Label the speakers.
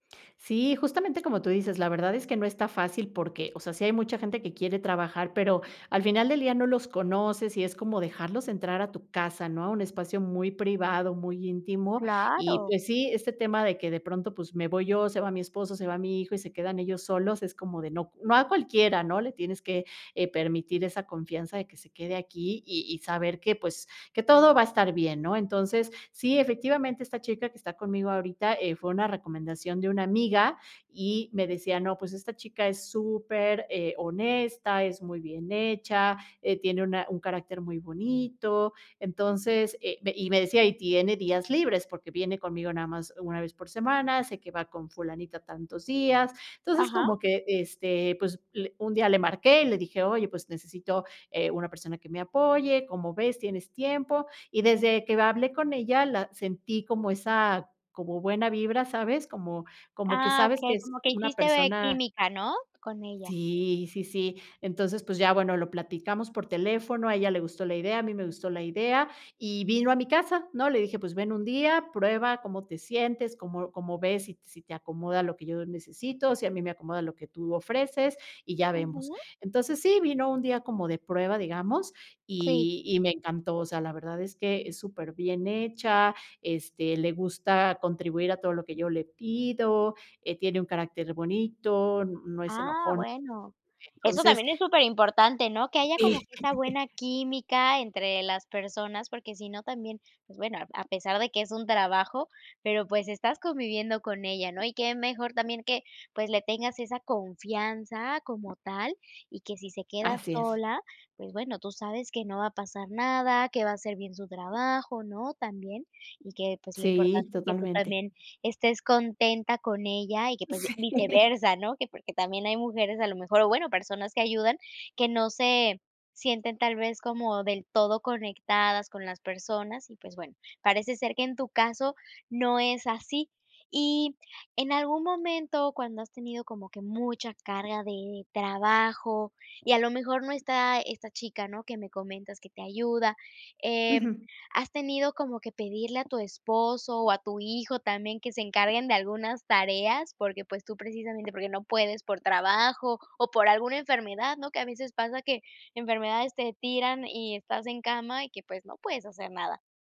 Speaker 1: Sí, justamente como tú dices, la verdad es que no está fácil porque, o sea, sí hay mucha gente que quiere trabajar, pero al final del día no los conoces y es como dejarlos entrar a tu casa, ¿no? A un espacio muy privado, muy íntimo. Y,
Speaker 2: Claro.
Speaker 1: pues, sí, este tema de que de pronto, pues, me voy yo, se va mi esposo, se va mi hijo y se quedan ellos solos, es como de no. No a cualquiera, ¿no?, le tienes que, eh, permitir esa confianza de que se quede aquí, y y saber que, pues, que todo va a estar bien, ¿no? Entonces, sí, efectivamente, esta chica que está conmigo ahorita, eh, fue una recomendación de una amiga, y me decía: "No, pues esta chica es super, eh, honesta, es muy bien hecha, eh, tiene una un carácter muy bonito". Entonces, eh, y me decía: "Y tiene días libres, porque viene conmigo nada más 1 vez por semana. Sé que va con Fulanita tantos días". Entonces,
Speaker 2: Ajá.
Speaker 1: como que, este, pues, le un día le marqué y le dije: "Oye, pues necesito, eh, una persona que me apoye, ¿cómo ves? ¿Tienes tiempo?". Y desde que hablé con ella, la sentí como esa, como buena vibra, ¿sabes? Como como que
Speaker 2: Ah,
Speaker 1: sabes que
Speaker 2: okey,
Speaker 1: es
Speaker 2: como que
Speaker 1: una
Speaker 2: hiciste
Speaker 1: persona
Speaker 2: química, ¿no?, con ella.
Speaker 1: Sí, sí, sí. Entonces, pues ya, bueno, lo platicamos por teléfono, a ella le gustó la idea, a mí me gustó la idea, y vino a mi casa, ¿no? Le dije, pues, ven un día, prueba cómo te sientes, cómo cómo ves, si si te acomoda lo que yo necesito, si a mí me acomoda lo que tú ofreces, y ya vemos.
Speaker 2: Ujú.
Speaker 1: Entonces, sí, vino un día como de prueba, digamos,
Speaker 2: Sí.
Speaker 1: y y me encantó. O sea, la verdad es que es superbién hecha, este, le gusta contribuir a todo lo que yo le pido, eh, tiene un carácter bonito, no es
Speaker 2: Ah,
Speaker 1: enojona.
Speaker 2: bueno. Eso
Speaker 1: Entonces
Speaker 2: también es superimportante, ¿no? Que haya como
Speaker 1: Sí.
Speaker 2: que esa buena química entre las personas, porque si no, también, pues, bueno, a a pesar de que es un trabajo, pero, pues, estás conviviendo con ella, ¿no? Y qué mejor también que, pues, le tengas esa confianza como tal y que si se queda
Speaker 1: Así es.
Speaker 2: sola, pues, bueno, tú sabes que no va a pasar nada, que va a hacer bien su trabajo, ¿no?, también. Y que, pues, lo
Speaker 1: Sí,
Speaker 2: importante es que tú
Speaker 1: totalmente.
Speaker 2: también estés contenta con ella y que, pues, ya
Speaker 1: Sí.
Speaker 2: viceversa, ¿no? Que porque también hay mujeres, a lo mejor, o, bueno, personas que ayudan que no se sienten tal vez como del todo conectadas con las personas y, pues, bueno, parece ser que en tu caso no es así. Y en algún momento, cuando has tenido como que mucha carga de trabajo y a lo mejor no está esta chica, ¿no?, que me comentas que te ayuda, em,
Speaker 1: Ujú.
Speaker 2: ¿has tenido como que pedirle a tu esposo o a tu hijo también que se encarguen de algunas tareas? Porque, pues, tú precisamente, porque no puedes por trabajo o por alguna enfermedad, ¿no? Que a veces pasa que enfermedades te tiran y estás en cama y que, pues, no puedes hacer nada.